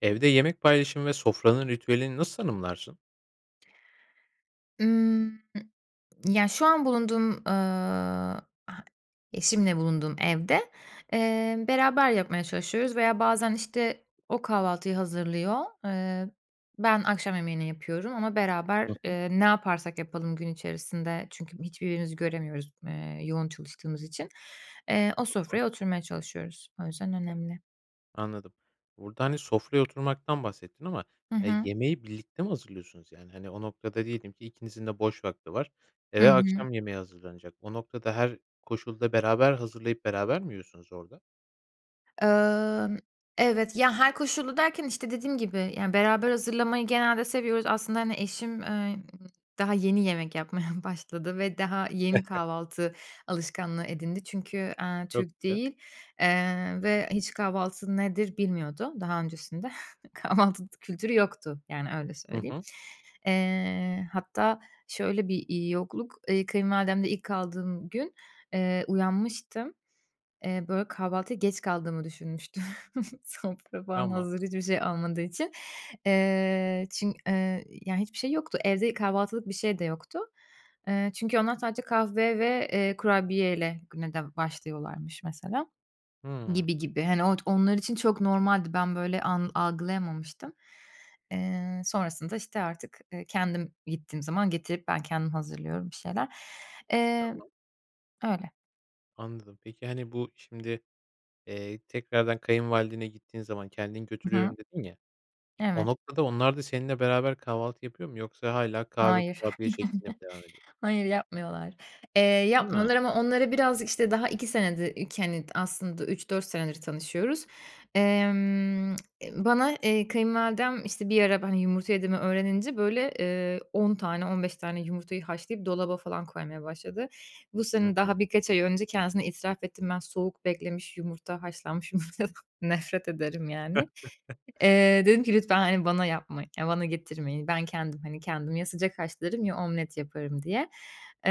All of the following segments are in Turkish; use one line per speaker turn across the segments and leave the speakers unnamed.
Evde yemek paylaşım ve sofranın ritüelini nasıl tanımlarsın?
Imm, ya şu an bulunduğum, ııı, h eşimle bulunduğum evde, ııı, beraber yapmaya çalışıyoruz veya bazen işte o kahvaltıyı hazırlıyor, ııı, ben akşam yemeğini yapıyorum ama beraber,
Hı hı.
ııı, ne yaparsak yapalım gün içerisinde çünkü hiç birbirimizi göremiyoruz, ııı, yoğun çalıştığımız için, ııı, o
Tamam.
sofraya oturmaya çalışıyoruz. O yüzden önemli.
Anladım. Burada, hani, sofraya oturmaktan bahsettin. Ama
Hı
ya,
hı.
yemeği birlikte mi hazırlıyorsunuz yani? Hani, o noktada diyelim ki ikinizin de boş vakti var,
Hı
eve
hı.
akşam yemeğe hazırlanacak. O noktada her koşulda beraber hazırlayıp beraber mi yiyorsunuz orada?
Imm, evet, ya, her koşulda derken işte dediğim gibi, yani, beraber hazırlamayı genelde seviyoruz, aslında, hani, eşim, ııı, daha yeni yemek yapmaya başladı ve daha yeni kahvaltı alışkanlığı edindi çünkü, ııı,
Çok
Türk
güzel.
değil, eee, ve, ııı, hiç kahvaltı nedir bilmiyordu daha öncesinde. Kahvaltı t kültürü yoktu, yani, öyle
Hı
söyleyeyim.
hı.
Iıı, hatta şöyle bir, iii, yokluk, kayınvalidemde ilk kaldığım gün, ııı, uyanmıştım. Iıı, böyle kahvaltıya geç kaldığımı düşünmüştüm. Sofra falan
Tamam.
hazır hiçbir şey olmadığı için. Iıı, çün ııı, ya, hiçbir şey yoktu, evde kahvaltılık bir şey de yoktu. Iıı, çünkü onlar sadece kahve ve, ııı, kurabiyeyle güne de başlıyorlarmış mesela
Hımm.
gibi gibi. Hani, ot onlar için çok normaldi, ben böyle an algılayamamıştım. Iıı, sonrasında işte artık, ııı, kendim gittiğim zaman getirip ben kendim hazırlıyorum bir şeyler. Imm,
Tamam.
öyle.
Anladım peki, hani, bu şimdi, eee, tekrardan kayınvalidene gittiğin zaman kendin
I hı.
götürüyorum dedin ya, o
Evet.
noktada onlar da seninle beraber kahvaltı yapıyor mu yoksa hâlâ kahve,
Hayır.
kurabiye şeklinde mi devam ediyor?
Hayır yapmıyorlar. Eee,
Ha.
yapmıyorlar ama onları birazcık işte daha 2 senedir, iki hani, aslında 3-4 senedir tanışıyoruz. Emm eee, bana, eee, kayınvalidem işte bir ara ben, hani, yumurta yediğimi öğrenince böyle, eee, 10 tane, 15 tane yumurtayı haşlayıp dolaba falan koymaya başladı. Bu
Hı
sene
hı.
daha birkaç ay önce kendisine itiraf ettim ben soğuk beklemiş yumurta haşlanmış yumurtadan nefret ederim, yani. Eee, dedim ki lütfen, hani, bana yapmayın, ya bana getirmeyin. Ben kendim, hani, kendim ya sıcak haşlarım ya omlet yaparım diye.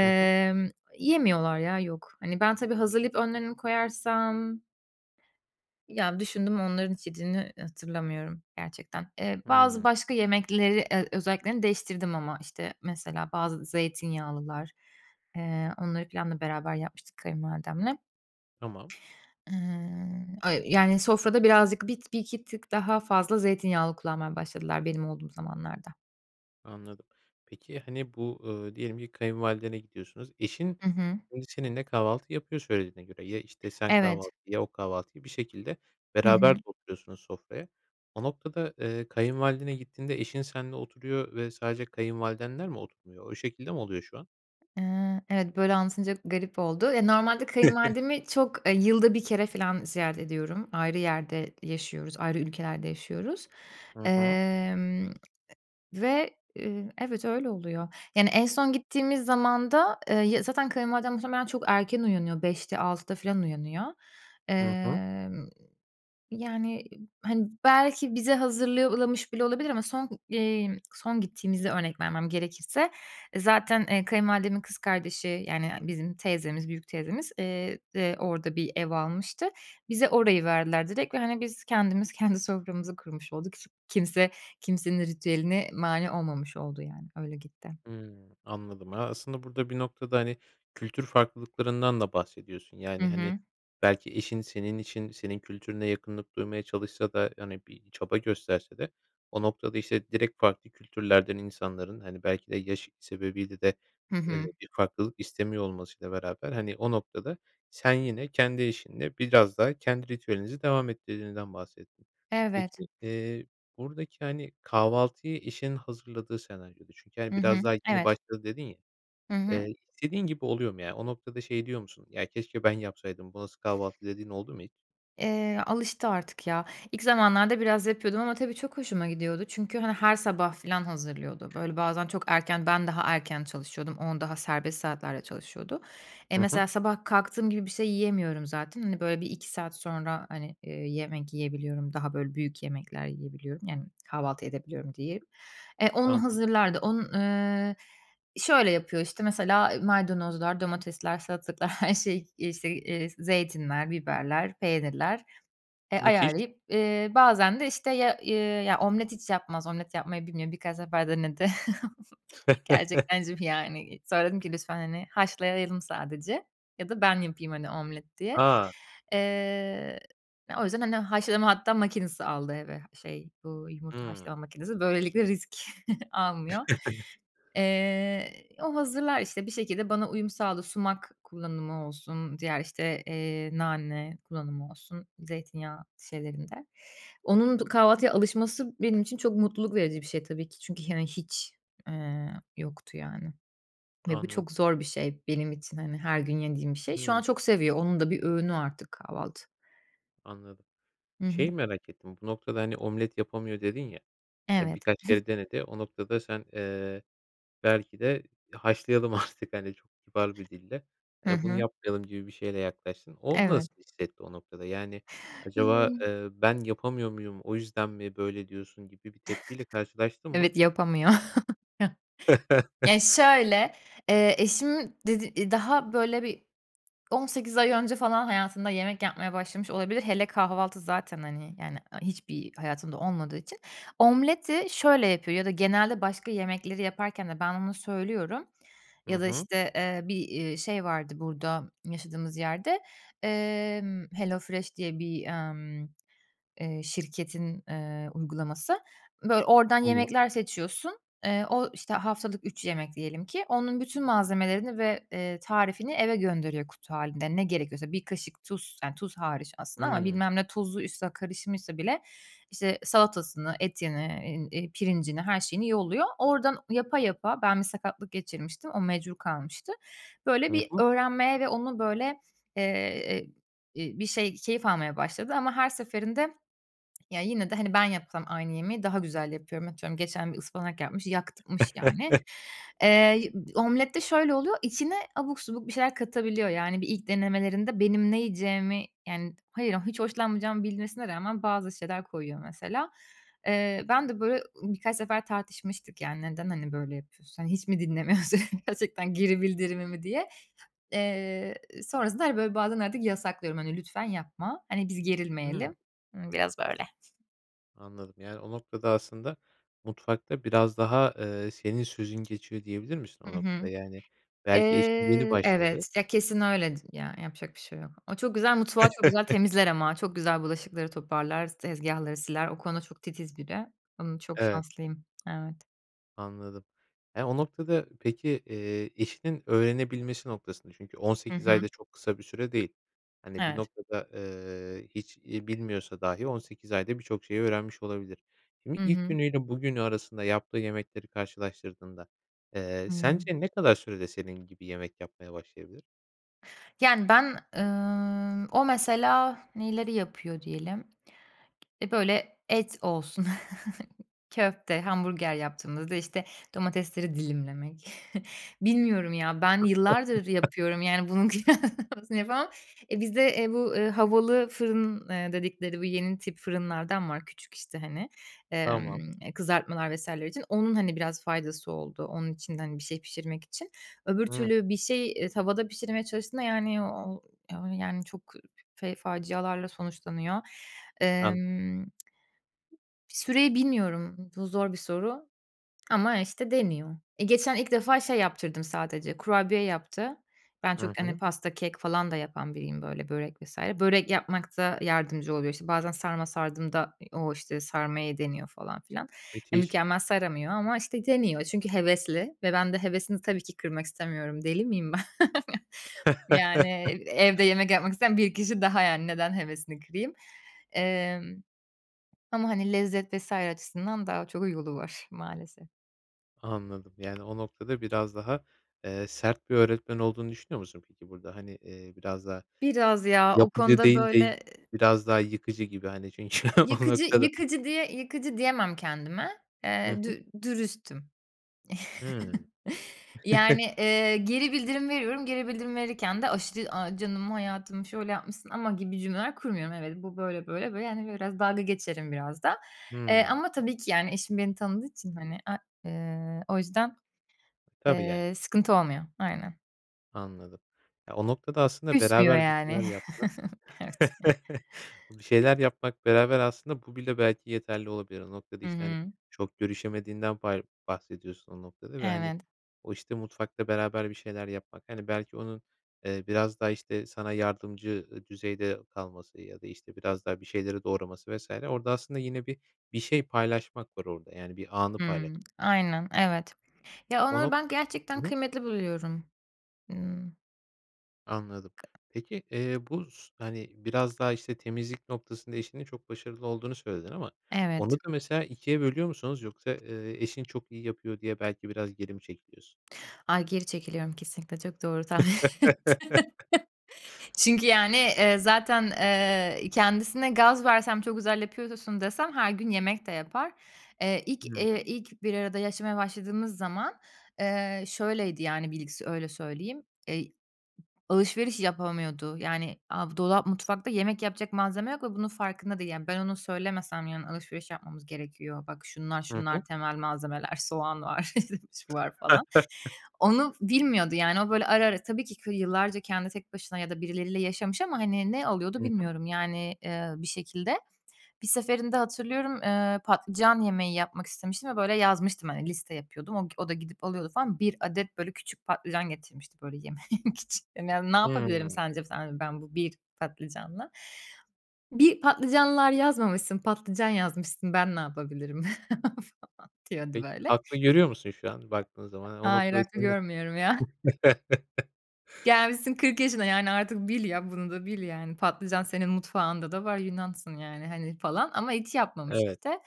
Hı hı.
yemiyorlar ya, yok. Hani, ben tabii hazırlayıp önlerini koyarsam Ya, düşündüm onların hiç yediğini hatırlamıyorum gerçekten. Eee, bazı
Hımm.
başka yemekleri, eee, özelliklerini değiştirdim ama işte mesela bazı zeytinyağlılar, eee, onları planla beraber yapmıştık kayınvalidemle.
Tamam.
Iıı, öy yani, sofrada birazcık bit 1-2 tık daha fazla zeytinyağlı kullanmaya başladılar benim olduğum zamanlarda.
Anladım. Peki, hani bu, ııı, diyelim ki kayınvalidene gidiyorsunuz eşin
Hı hı.
önce seninle kahvaltı yapıyor söylediğine göre. Ya, işte, sen
Evet.
kahvaltıyı, ya, o kahvaltıyı bir şekilde
Hı
beraber de
hı.
oturuyorsunuz sofraya. O noktada, eee, kayınvalidene gittiğinde eşin senle oturuyor ve sadece kayınvalidenler mi oturmuyor? O şekilde mi oluyor şu an?
Eee, evet, böyle anlatınca garip oldu. Ya, normalde kayınvalidemi çok, eee, yılda 1 kere filan ziyaret ediyorum, ayrı yerde yaşıyoruz, ayrı ülkelerde yaşıyoruz.
Hı hı.
Emm, ve, ııı, evet, öyle oluyor. Yani, en son gittiğimiz zaman da, eee, ya zaten kayınvalidem muhtemelen çok erken uyanıyor, 5'te, 6'da filan uyanıyor.
Hı hı.
Eee, yani, hani, belki bize hazırlamış bile olabilir. Ama son, eee, son gittiğimizi örnek vermem gerekirse, e, zaten, eee, kayınvalidemin kız kardeşi yani bizim teyzemiz, büyük teyzemiz, eee, de orada bir ev almıştı. Bize orayı verdiler direkt ve, hani, biz kendimiz kendi soframızı kurmuş olduk. S kimse kimsenin ritüeline mâni olmamış oldu yani. Öyle gitti.
Hımm, anladım. Aaa, aslında burada bir noktada, hani, kültür farklılıklarından da bahsediyorsun.
Hı
Yani, hani,
hı.
belki eşin senin için senin kültürüne yakınlık duymaya çalışsa da, hani, bir çaba gösterse de o noktada işte direkt farklı kültürlerden insanların, hani, belki de yaşı sebebiyle de,
Hı
eee,
hı.
bir farklılık istemiyor olmasıyla beraber, hani, o noktada sen yine kendi eşinle biraz daha kendi ritüelinizi devam ettirdiğinizden bahsettin.
Evet.
Peki, eee, buradaki, hani, kahvaltıyı eşin hazırladığı senaryoda çünkü, hani,
Hı hı,
biraz daha yeni
evet.
başladı dedin ya.
Hı hı.
Eee, istediğin gibi oluyor mu ya? O noktada şey diyor musun, ya keşke ben yapsaydım bu nasıl kahvaltı dediğin oldu mu hiç?
Eee, alıştı artık, ya, ilk zamanlarda biraz yapıyordum ama tabii çok hoşuma gidiyordu çünkü, hani, her sabah filan hazırlıyordu. Böyle bazen çok erken ben daha erken çalışıyordum, on daha serbest saatlerde çalışıyordu. Eee,
Hı hı.
mesela sabah kalktığım gibi bir şey yiyemiyorum zaten. Hani, böyle bir 2 saat sonra, hani, eee, yemek yiyebiliyorum, daha böyle büyük yemekler yiyebiliyorum, yani, kahvaltı edebiliyorum diyeyim. E, onu
Tamam.
hazırlardı onu, ııı, şöyle yapıyor işte mesela maydanozlar, domatesler, salatalıklar her şey işte, eee, zeytinler, biberler, peynirler, eee,
Müthiş.
ayarlayıp, eee, bazen de işte, ya, ııı, ya, omlet hiç yapmaz omlet yapmayı bilmiyor. Birkaç defa denedi. Gerçekten. [unintelligible] Yani, sonra dedim ki lütfen, hani, haşlayalım sadece ya da ben yapayım, hani, omlet diye.
A.
Eee, o yüzden hani haşlama hatta makinesi aldı eve, şey, bu yumurta
Hımm.
haşlama makinesi, böylelikle risk almıyor. Eee, o hazırlar işte bir şekilde bana uyum sağladı sumak kullanımı olsun, diğer, işte, eee, nane kullanımı olsun, zeytinyağı şeylerinde. Onun du kahvaltıya alışması benim için çok mutluluk verici bir şey tabii ki çünkü, hani, hiç, eee, yoktu, yani, ve bu
Anladım.
çok zor bir şey benim için, hani, her gün yediğim bir şey. Şu an
Hımm.
çok seviyor, onun da bir öğünü artık kahvaltı.
Anladım.
Hı hı.
Şeyi merak ettim, bu noktada, hani, omlet yapamıyor dedin ya, hani,
Evet.
birkaç kere denedi. O noktada sen, eee, belki de haşlayalım artık hani, çok kibar bir dille,
Hı
hani, bunu
hı.
yapmayalım gibi bir şeyle yaklaştın. O
Evet.
nasıl bir hissetti o noktada? Yani acaba,
[unintelligible]
eee, "Ben yapamıyor muyum, o yüzden mi böyle diyorsun?" gibi bir tepkiyle karşılaştın mı?
Evet, yapamıyor. Ya, şöyle, eee, eşim d daha böyle bir 18 ay önce falan hayatında yemek yapmaya başlamış olabilir. Hele kahvaltı zaten, hani, yani, hiçbir hayatında olmadığı için. Omleti şöyle yapıyor ya da genelde başka yemekleri yaparken de ben ona söylüyorum,
Hı
ya da,
hı.
işte, eee, bir, eee, şey, vardı burada yaşadığımız yerde, emm, Hello Fresh diye bir, ımm, eee, şirketin, eee, uygulaması, böyle oradan
Anla
yemekler seçiyorsun, eee, o işte haftalık 3 yemek diyelim ki, onun bütün malzemelerini ve, eee, tarifini eve gönderiyor kutu hâlinde, ne gerekiyorsa. 1 kaşık tuz, yani tuz hariç aslında ama
Hımm.
bilmem ne tuzu üstüne karışmışsa bile işte salatasını, etini, eee, pirincini, her şeyini yolluyor. Oradan yapa yapa Ben bir sakatlık geçirmiştim, o mecbur kalmıştı. Böyle
Hı
bir
hı.
öğrenmeye ve onu böyle, eee, ııı, bir şey keyif almaya başladı ama her seferinde ya yine de hani ben yapsam aynı yemeği daha güzel yapıyorum. Atıyorum, geçen bir ıspanak yapmış, yakmış yani. Eee, omlette şöyle oluyor, içine abuk subuk bir şeyler katabiliyor. Yani, bir ilk denemelerinde benim ne yiyeceğimi Yani, hayır, hiç hoşlanmayacağımı bilmesine rağmen bazı şeyler koyuyor mesela. Eee, ben de böyle birkaç sefer tartışmıştık yani, neden, hani, böyle yapıyorsun, hani, hiç mi dinlemiyorsun, gerçekten geri bildirimimi diye. Eee, sonrasında, hani, böyle bazen artık yasaklıyorum, hani, lütfen yapma. Hani, biz
Imm.
gerilmeyelim. Imm, biraz böyle.
Anladım. Yani, o noktada aslında mutfakta biraz daha, eee, senin sözün geçiyor diyebilir misin o
Hı
noktada?
hı.
Yani, belki eşin yeni
Eee,
başladı.
evet. Ya, kesin öyledir ya, yapacak bir şey yok. O çok güzel mutfağı, çok güzel temizler ama. Çok güzel bulaşıkları toparlar, s tezgâhları siler, o konuda çok titiz biri. Imm, çok
Evet.
şanslıyım. Evet.
Anladım. Ya, o noktada peki, eee, eşinin öğrenebilmesi noktasında çünkü on
Hı
sekiz ay
hı.
da çok kısa bir süre değil. Hani, bir
Evet.
noktada, eee, hiç iyi bilmiyorsa dahi 18 ayda birçok şeyi öğrenmiş olabilir. Şimdi
Hı
ilk
hı.
günüyle bugünü arasında yaptığı yemekleri karşılaştırdığında, eee,
Hıı.
sence ne kadar sürede senin gibi yemek yapmaya başlayabilir?
Yani, ben, ımm, o mesela neyleri yapıyor diyelim? E, böyle, et olsun. Köfte, hamburger yaptığımda da, işte, domatesleri dilimlemek. Bilmiyorum ya, ben yıllardır yapıyorum, yani, bunun kıyaslamasını yapamam. Eee, bizde, eee, bu, eee, havalı fırın, eee, dedikleri bu yeni tip fırınlardan var küçük, işte, hani.
Tamam.
Emm, eee, kızartmalar vs. için. Onun, hani, biraz faydası oldu, onun içinde, hani, bir şey pişirmek için. Öbür
Hıı.
türlü bir şey, eee, tavada pişirmeye çalıştığında, yani, o o, yani, çok fe facialarla sonuçlanıyor.
An
Emm, süreyi bilmiyorum. Bu, zor bir soru ama, işte, deniyor. E, geçen ilk defa şey yaptırdım sadece, kurabiye yaptı. Ben
Hı
çok, hani,
hı.
pasta, kek falan da yapan biriyim, böyle, börek vs. Börek yapmakta yardımcı oluyor. İşte, bazen sarma sardığımda, eee, o, işte, sarmayı deniyor falan filan. Ya,
Müthiş.
mükemmel saramıyor ama, işte, deniyor, çünkü hevesli ve ben de hevesini tabii ki kırmak istemiyorum. Deli miyim ben? Yani, evde yemek yapmak isteyen bir kişi daha, yani, neden hevesini kırayım? Emm, ama, hani, lezzet vs. açısından daha çok yolu var maalesef.
Anladım, yani, o noktada biraz daha, eee, sert bir öğretmen olduğunu düşünüyor musun peki burada? Hani, eee, biraz daha
Biraz ya, o
yapıcı
konuda
değil de
böyle
biraz daha yıkıcı gibi, hani, çünkü o
yıkıcı
noktada
yıkıcı diye yıkıcı diyemem kendime,
Hı
eee,
hı.
dü dürüstüm.
Hıı.
Yani, eee, geri bildirim veriyorum, geri bildirim verirken de aşırı, "A, canım, hayatım, şöyle yapmışsın ama." gibi cümleler kurmuyorum. Evet, bu böyle, böyle, böyle hani, biraz dalga geçerim biraz da. Eee,
Hımm.
ama tabii ki, yani, eşim beni tanıdığı için, hani, a eee, o yüzden,
Tabii, yani.
eee, sıkıntı olmuyor, aynen.
Anladım. Ya, o noktada aslında
Küsmüyor,
beraber bir
yani.
şeyler yapmak
Evet.
Bir şeyler yapmak beraber aslında bu bile belki yeterli olabilir. O noktada
Hı
işte, hani,
hı.
çok görüşemediğinden bar bahsediyorsun o noktada ve, hani,
Evet.
o işte mutfakta beraber bir şeyler yapmak. Hani, belki onun, eee, biraz daha işte sana yardımcı, ııı, düzeyde kalması ya da işte biraz daha bir şeyleri doğraması vs. Orada aslında yine bir bir şey paylaşmak var orada, yani, bir anı paylaşmak.
Hımm. Aynen, evet. Ya, onları
Onu
ben
Hı
gerçekten
hı.
kıymetli buluyorum. Hıı.
Anladım. Peki, eee, bu s hani, biraz daha işte temizlik noktasında eşinin çok başarılı olduğunu söyledin ama onu
Evet.
da mesela 2'ye bölüyor musunuz yoksa, ııı, eşin çok iyi yapıyor diye belki biraz geri mi çekiyorsun?
Ay, geri çekiliyorum kesinlikle, çok doğru tahmin ettin. Çünkü, yani, eee, zaten, eee, kendisine gaz versem çok güzel yapıyorsun desem her gün yemek de yapar. Eee, ilk,
Hıı.
eee, ilk bir arada yaşamaya başladığımız zaman, eee, şöyleydi yani bilgisi öyle söyleyeyim. Eee, b alışveriş yapamıyordu, yani, a bu dolap mutfakta yemek yapacak malzeme yok ve bunun farkında değil, yani. Ben onu söylemesem yarın alışveriş yapmamız gerekiyor. Bak şunlar
Hı hı.
şunlar temel malzemeler, soğan var şu var falan. Onu bilmiyordu yani. O böyle ara ara tabii ki yıllarca kendi tek başına ya da birileriyle yaşamış. Ama, hani, ne alıyordu
Hı hı.
bilmiyorum, yani, ııı, bir şekilde. Bir seferinde hatırlıyorum, eee, patlıcan yemeği yapmak istemiştim ve böyle yazmıştım, hani, liste yapıyordum. O o da gidip alıyordu falan. 1 adet böyle küçük patlıcan getirmişti böyle yemek için. Yani, ya, ne yapabilirim
Hımm.
sence sen dedim ben bu 1 patlıcanla. Bir patlıcanlar yazmamışsın. Patlıcan yazmışsın. Ben ne yapabilirim falan diyordu
Peki,
böyle.
haklı görüyor musun şu an baktığın zaman? Hani, o
Hayır,
noktada
haklı
seni.
görmüyorum ya. Gelmişsin 40 yaşına, yani, artık bil ya, bunu da bil yani. Patlıcan senin mutfağında da var, Yunansın, yani, hani, falan ama hiç yapmamış
Evet.
işte.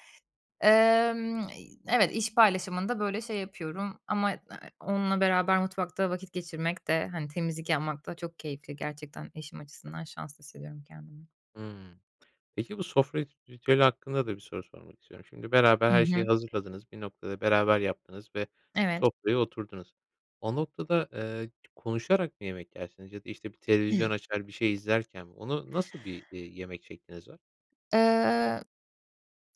Emm, eee, evet, iş paylaşımında böyle şey yapıyorum ama, aaa, onunla beraber mutfakta vakit geçirmek de, hani, temizlik yapmak da çok keyifli. Gerçekten eşim açısından şanslı hissediyorum kendimi.
Hımm. Peki bu sofra rit ritüeli hakkında da bir soru sormak istiyorum. Şimdi beraber
Hı
her şeyi
hı.
hazırladınız, bir noktada beraber yaptınız ve
Evet.
sofraya oturdunuz. O noktada, ııı, konuşarak mı yemek yersiniz ya da işte bir
Hımm.
televizyon açar, bir şey izlerken mi onu nasıl bir, eee, yemek şekliniz var?
Iıı,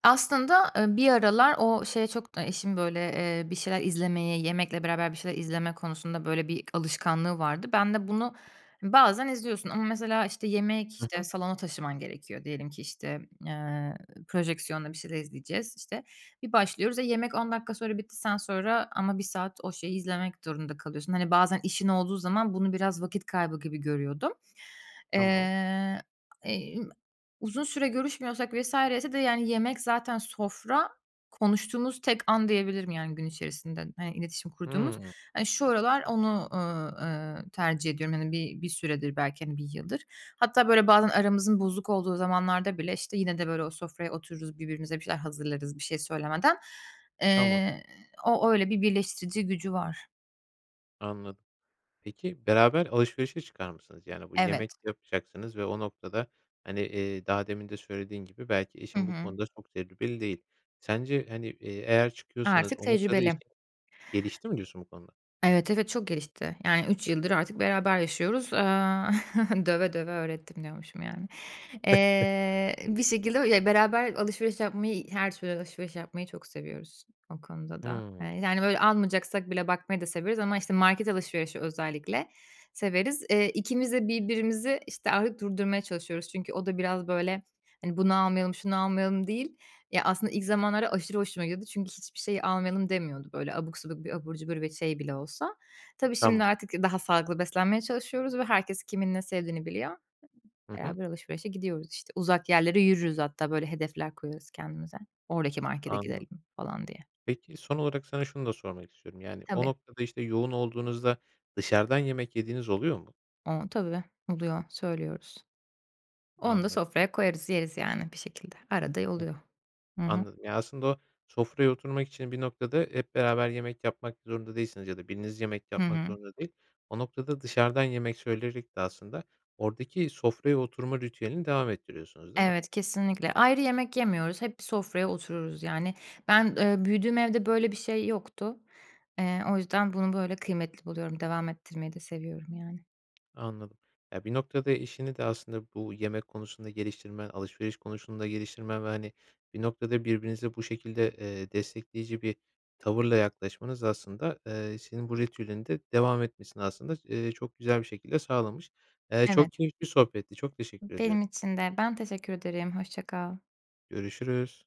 aslında, ııı, bir aralar o şeye çok, ııı, eşim, ııı, böyle bir şeyler izlemeye, yemekle beraber bir şeyler izleme konusunda böyle bir alışkanlığı vardı. Ben de bunu bazen izliyorsun ama mesela işte yemek,
Hı
işte
hı.
salona taşıman gerekiyor diyelim ki, işte, ııı, projeksiyonla bir şeyler izleyeceğiz, işte. Bir başlıyoruz ve yemek 10 dakika sonra bitti, sen sonra ama 1 saat o şeyi izlemek durumunda kalıyorsun. Hani, bazen işin olduğu zaman bunu biraz vakit kaybı gibi görüyordum.
Tamam.
Iıı, emm, uzun süre görüşmüyorsak vs. ise de yani yemek zaten sofra konuştuğumuz tek an diyebilirim. Yani, gün içerisinde hani iletişim kurduğumuz.
Hımm.
Hani, şu aralar onu, ııı, ııı, tercih ediyorum. Yani, bir bir süredir belki, hani 1 yıldır. Hatta böyle bazen aramızın bozuk olduğu zamanlarda bile işte, yine, de böyle o sofraya oturuyoruz, birbirimize bir şeyler hazırlarız bir şey söylemeden.
Tamam.
Iıı, o öyle bir birleştirici gücü var.
Anladım. Peki, beraber alışverişe çıkar mısınız? Yani, bu
Evet.
yemek yapacaksınız ve o noktada, hani, eee, daha demin de söylediğin gibi belki
Hı
eşin bu
hı.
konuda çok tecrübeli değil. Sence, hani, eee, eğer çıkıyorsanız
Artık
o noktada
tecrübeli.
eşin gelişti mi diyorsun bu konuda?
Evet, evet çok gelişti. Yani, 3 yıldır artık beraber yaşıyoruz. Iıı, "döve döve öğrettim" diyormuşum yani. Eee, bir şekilde Ya, beraber alışveriş yapmayı, her türlü alışveriş yapmayı çok seviyoruz o konuda da. Eee,
Hıı.
yani, böyle, almayacaksak bile bakmayı da severiz ama işte, market alışverişi özellikle severiz. Eee, ikimiz de birbirimizi, işte, artık durdurmaya çalışıyoruz çünkü o da biraz, böyle, hani, bunu almayalım, şunu almayalım değil. Ya, aslında ilk zamanlarda aşırı hoşuma gidiyordu çünkü hiçbir şeyi almayalım demiyordu, böyle, abuk subuk bir abur cubur ve şey bile olsa. Tabii, şimdi
Tamam.
artık daha sağlıklı beslenmeye çalışıyoruz ve herkes kimin ne sevdiğini biliyor.
Hı hı.
Beraber alışverişe gidiyoruz işte. Uzak yerlere yürürüz hatta, böyle, hedefler koyuyoruz kendimize, "oradaki markete
Anladım.
gidelim" falan diye.
Peki, son olarak sana şunu da sormak istiyorum, yani, o
Tabii.
noktada işte yoğun olduğunuzda dışarıdan yemek yediğiniz oluyor mu?
A, tabii. Oluyor, söylüyoruz. Onu da
Anladım.
sofraya koyarız, yeriz yani bir şekilde. Arada, e, oluyor.
[unintelligible]
Hı hı.
Anladım. Yani, aslında o sofraya oturmak için bir noktada hep beraber yemek yapmak zorunda değilsiniz ya da biriniz yemek
Hı
yapmak
hı.
zorunda değil. O noktada dışarıdan yemek söyleyerek de aslında oradaki sofraya oturma ritüelini devam ettiriyorsunuz, değil mi?
Evet, kesinlikle. Ayrı yemek yemiyoruz, hep bir sofraya otururuz yani. Ben, ııı, büyüdüğüm evde böyle bir şey yoktu. Eee, o yüzden bunu böyle kıymetli buluyorum, devam ettirmeyi de seviyorum yani.
Anladım. Ya, bir noktada eşini de aslında bu yemek konusunda geliştirmen, alışveriş konusunda geliştirmen ve, hani, bir noktada birbirinize bu şekilde, eee, destekleyici bir tavırla yaklaşmanız aslında, eee, senin bu ritüelin de devam etmesini aslında, eee, çok güzel bir şekilde sağlamış. Eee,
Evet.
çok keyifli bir sohbetti, çok teşekkür ediyorum.
Benim için de, ben teşekkür ederim. Hoşça kal.
Görüşürüz.